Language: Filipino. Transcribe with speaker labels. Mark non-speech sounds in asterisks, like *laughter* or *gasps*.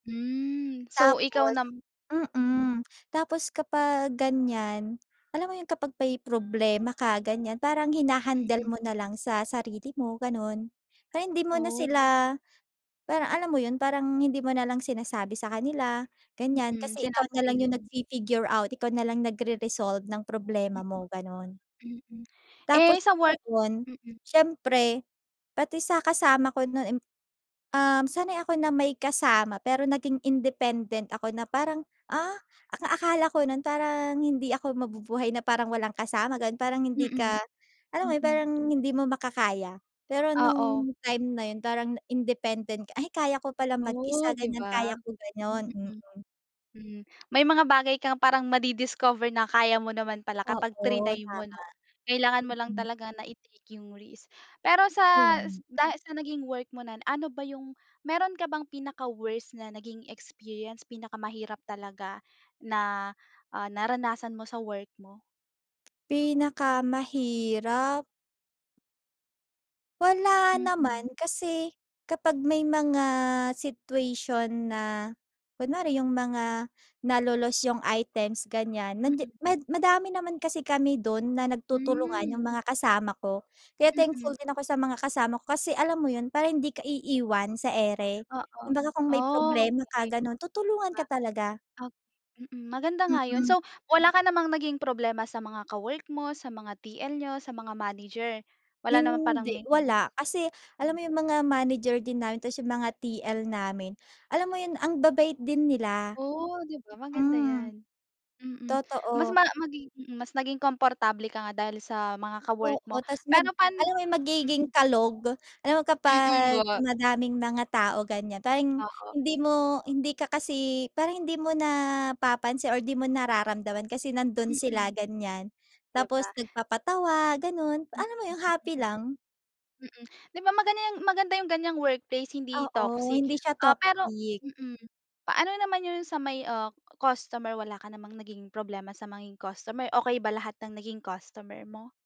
Speaker 1: Hmm, so ikaw
Speaker 2: Tapos
Speaker 1: nam mm.
Speaker 2: mm. Tapos kapag ganyan, alam mo yun? Kapag may problema ka ganyan, parang hina-handle
Speaker 1: Mhm.
Speaker 2: mo nalang sa sarili mo, ganon. Pero hindi mo na
Speaker 1: Oh.
Speaker 2: sila parang, alam mo yun? Parang hindi mo nalang sinasabi sa kanila, ganyan.
Speaker 1: Mm,
Speaker 2: Kasi ikaw nalang
Speaker 1: sinasarili
Speaker 2: yung
Speaker 1: mo.
Speaker 2: nag-fi-figure out, ikaw nalang nagre-resolve ng problema
Speaker 1: M
Speaker 2: mo, ganon.
Speaker 1: Mm, *gasps* eh
Speaker 2: Tapos
Speaker 1: sa work?
Speaker 2: noon,
Speaker 1: Mm.
Speaker 2: syempre pati sa kasama ko nun m um sanay ako na may kasama. Pero naging independent ako na parang, ah, ang akala ko nun parang hindi ako mabubuhay na parang walang kasama, ganon. Parang hindi ka
Speaker 1: Mm,
Speaker 2: alam mo yun,
Speaker 1: mm.
Speaker 2: parang, hindi mo makakaya. Pero
Speaker 1: Oo.
Speaker 2: nung time na yun, parang independent, "Ay! Kaya ko pala
Speaker 1: Oh,
Speaker 2: mag-isa,"
Speaker 1: di
Speaker 2: ganyan.
Speaker 1: ba?
Speaker 2: "Kaya ko," ganon.
Speaker 1: Mm.
Speaker 2: Mm.
Speaker 1: Hmm, *gasps* may mga bagay kang parang madi-discover na kaya mo naman pala kapag
Speaker 2: Oo,
Speaker 1: triny mo,
Speaker 2: tama.
Speaker 1: no? Kailangan mo lang
Speaker 2: Mm.
Speaker 1: talaga na i-take yung risk. *gasps* Pero
Speaker 2: Kaya
Speaker 1: sa s
Speaker 2: nga.
Speaker 1: dahil sa naging work mo nun, ano ba yung meron ka bang pinaka-worse na naging experience? Pinakamahirap talaga na, *gasps* ah, naranasan mo sa work mo?
Speaker 2: t Pinakamahirap? Wala
Speaker 1: Mm.
Speaker 2: naman kasi kapag may mga situation na kunwari, yung mga nalo-lost yung items ganyan, nandiya
Speaker 1: Mm.
Speaker 2: mad madami naman kasi kami dun na
Speaker 1: Hmm.
Speaker 2: nagtutulungan, yung mga kasama ko. Kaya
Speaker 1: Mm.
Speaker 2: thankful din ako sa mga kasama ko kasi alam mo yun, para hindi ka iiwan sa ere?
Speaker 1: Oo.
Speaker 2: Kumbaga kung may
Speaker 1: Oh,
Speaker 2: problema ka,
Speaker 1: okey.
Speaker 2: ganun.
Speaker 1: Di
Speaker 2: Tutulungan
Speaker 1: ba?
Speaker 2: ka talaga.
Speaker 1: O Mm, maganda nga yun.
Speaker 2: Mm.
Speaker 1: So wala ka namang naging problema sa mga ka-work mo, sa mga TL niyo, sa mga manager? Wala naman parang
Speaker 2: Hindi
Speaker 1: may yes.
Speaker 2: wala. *gasps* Kasi alam
Speaker 1: Mm.
Speaker 2: mo yung mga manager din namin tapos yung mga TL namin, *gasps* alam mo yun, ang babait din nila.
Speaker 1: Oh, di ba? Maganda
Speaker 2: Mm.
Speaker 1: yan. Mm, mas
Speaker 2: Totoo.
Speaker 1: ma maging, mm mas naging komportable ka nga dahil sa mga ka-work mo
Speaker 2: Oo. Tapos mag
Speaker 1: pero pan
Speaker 2: alam mo yung magiging
Speaker 1: mm.
Speaker 2: kalog? Alam mo
Speaker 1: Mm,
Speaker 2: kapag
Speaker 1: wa
Speaker 2: madaming mga tao, ganyan. Parang
Speaker 1: Oo.
Speaker 2: hindi mo hindi ka kasi parang hindi mo napapansin or di mo nararamdaman kasi nandun
Speaker 1: Mm.
Speaker 2: sila, ganyan. *gasps*
Speaker 1: Di
Speaker 2: Tapos
Speaker 1: ba?
Speaker 2: nagpapatawa ganun.
Speaker 1: Mm,
Speaker 2: Alam mo yung happy
Speaker 1: mm.
Speaker 2: lang?
Speaker 1: Mm. Di ba maganda yung maganda yung ganyang workplace, hindi
Speaker 2: Oo.
Speaker 1: toxic.
Speaker 2: Hindi siya
Speaker 1: Ah pero
Speaker 2: toxic.
Speaker 1: mm, paano naman yun sa may, uh, customer? Wala ka namang naging problema sa ma nging customer? Okey ba lahat ng naging customer mo?